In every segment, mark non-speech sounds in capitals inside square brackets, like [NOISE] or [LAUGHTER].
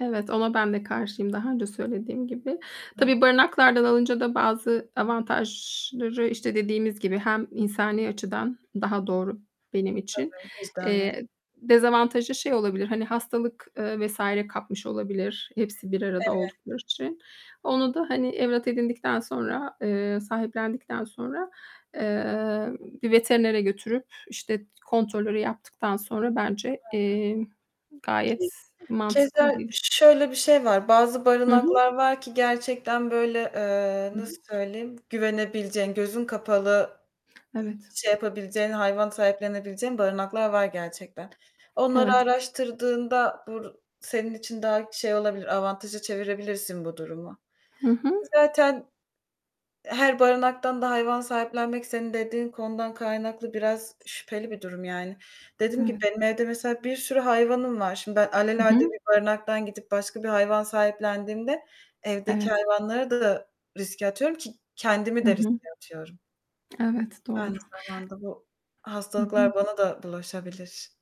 Evet, ona ben de karşıyım daha önce söylediğim gibi. Tabii, [UNINTELLIGIBLE] barınaklardan alınca da bazı avantajları, işte, dediğimiz gibi, hem insani açıdan daha doğru benim için, Tabii, vicdanen. eee, dezavantajı şey olabilir: Hani, hastalık, eee, vs. kapmış olabilir hepsi bir arada Evet. oldukları için. Onu da, hani, evlat edindikten sonra, eee, sahiplendikten sonra, eee, bir veterinere götürüp, işte, kontrolleri yaptıktan sonra bence, Hı hı. eee, gayet mantıklı Keza bir şöyle bir şey var: Bazı Hı hı. barınaklar var ki gerçekten böyle, eee, Hı nasıl hı. söyleyeyim güvenebileceğin, gözün kapalı ı Evet. şey yapabileceğin, hayvan sahiplenebileceğin barınaklar var gerçekten. Onları Evet. araştırdığında bu senin için daha şey olabilir, avantaja çevirebilirsin bu durumu. Hı Ki hı. zaten her barınaktan da hayvan sahiplenmek senin dediğin konudan kaynaklı biraz şüpheli bir durum yani. Dediğim gibi Evet. benim evde mesela bir sürü hayvanım var. Şimdi ben Hı alelade hı. bir barınaktan gidip başka bir hayvan sahiplendiğimde evdeki Evet. hayvanları da riske atıyorum ki kendimi Hı de hı. riske atıyorum. Evet, Aynı doğru. zamanda bu Hı hı. hastalıklar bana da bulaşabilir.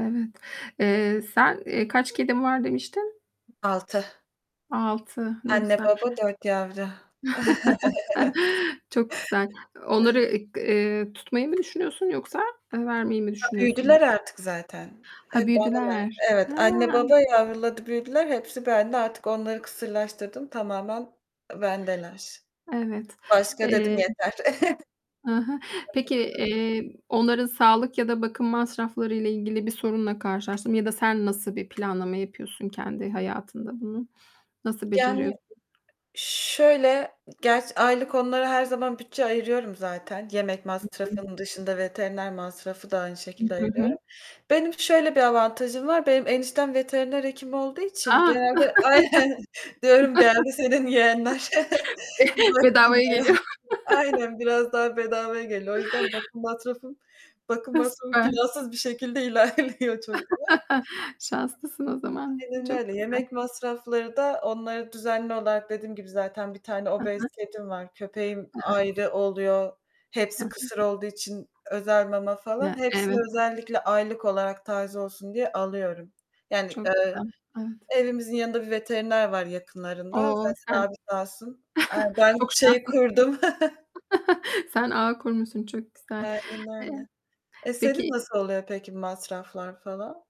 Evet, eee, sen, eee, kaç kedim var demiştin? 6. 6, ne Anne, güzel. baba, 4 yavru. [CHUCKLES] [CHUCKLES] Çok güzel. Onları Evet. e g eee, tutmayı mı düşünüyorsun yoksa, eee, vermeyi mi Ha, düşünüyorsun? büyüdüler artık zaten. Ha, Hep anneler büyüdüler. He. Evet, anne, baba yavruladı büyüdüler, hepsi bende artık onları kısırlaştırdım, tamamen bendeler. Evet, Başka dedim eee yeter. Hı hı. Peki, [CHUCKLES] [UNINTELLIGIBLE] eee, onların sağlık ya da bakım masraflarıyla ilgili bir sorunla karşılaştım ya da sen nasıl bir planlama yapıyorsun kendi hayatında bunu? Nasıl Yani, beceriyorsun? şöyle, gerçi, aylık onlara her zaman bütçe ayırıyorum zaten. Yemek Hı hı. masrafım dışında veteriner masrafı da aynı Hı. şekilde hı hı. ayırıyorum. Benim şöyle bir avantajım var: Benim eniştem veteriner hekim olduğu için A. genelde Aynen. Diyorum: "Geldi senin yeğenler. [LAUGHS] Be [CHUCKLES] Bak, bedavaya bunlara." geliyor. [CHUCKLES] [LAUGHS] Aynen, biraz daha bedavaya geliyor. O yüzden bakım masrafım bakım E, masrafım süper. plansız bir şekilde ilerliyor çok diye. [LAUGHS] Şanslısın o zaman, Aynen çok öyle. güzel. Yemek masrafları da onları düzenli olarak dediğim gibi zaten 1 tane Hı obez hı. kedim var, köpeğim Evet. ayrı oluyor, Hı hepsi hı. kısır olduğu için özel mama falan... Ya, Hepsini evet. özellikle aylık olarak taze olsun diye alıyorum. Yani, Çok eee, güzel, evet. evimizin yanında bir veteriner var yakınlarında. O, Zaten sen abi, sağ olsun... Eee, [CHUCKLES] ben çok şeyi şanslısın. kurdum. [CHUCKLES] [CHUCKLES] Sen ağı kurmuşsun çok güzel. Aynen Eee, öyle. E, senin peki nasıl oluyor peki masraflar falan?